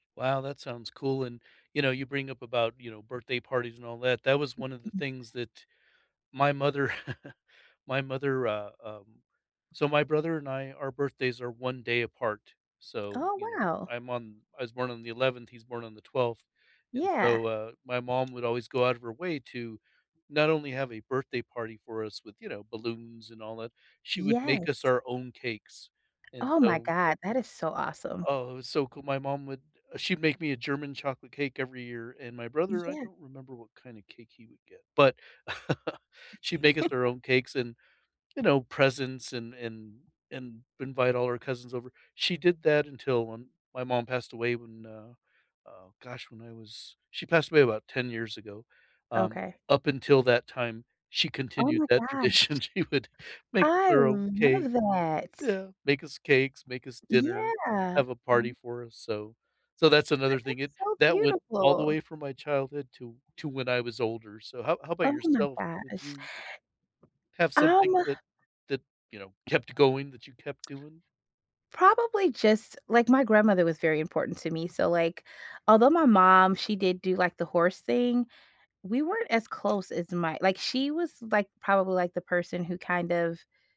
Wow, that sounds cool and you know, you bring up about, you know, birthday parties and all that, that was one of the Mm-mm. things that my mother my mother, uh, um so my brother and I, our birthdays are 1 day apart. So, Oh you know, wow. I'm on, I was born on the 11th, he's born on the 12th. And Yeah. so, uh, my mom would always go out of her way to not only have a birthday party for us with, you know, balloons and all that, she would make us Yes. our own cakes. And Oh my so God, that is so awesome. Oh, it was so cool. My mom would she'd make me a German chocolate cake every year, and my brother, I Yeah. don't remember what kinda cake he would get, but she'd make us our own cakes and, you know, presents and and and invite all our cousins over. She did that until when my mom passed away when, uh, oh gosh, when I was she passed away about 10 years ago. Um, Okay. up until that time, she Oh continued my that gosh. tradition. She would make us I our own cake love that. Yeah, make us cakes, make us dinner, Yeah. have a party for us, so so that's another thing, it That's so that went all the beautiful. way from my childhood to to when I was older. So how how 'bout Oh my yourself? Did gosh. you have Um something that that, you know, kept going that you kept doing? Probably just like my grandmother was very important to me. So like, although my mom, she did do like the horse thing, we weren't as close as my like she was, like, probably like the person who kind of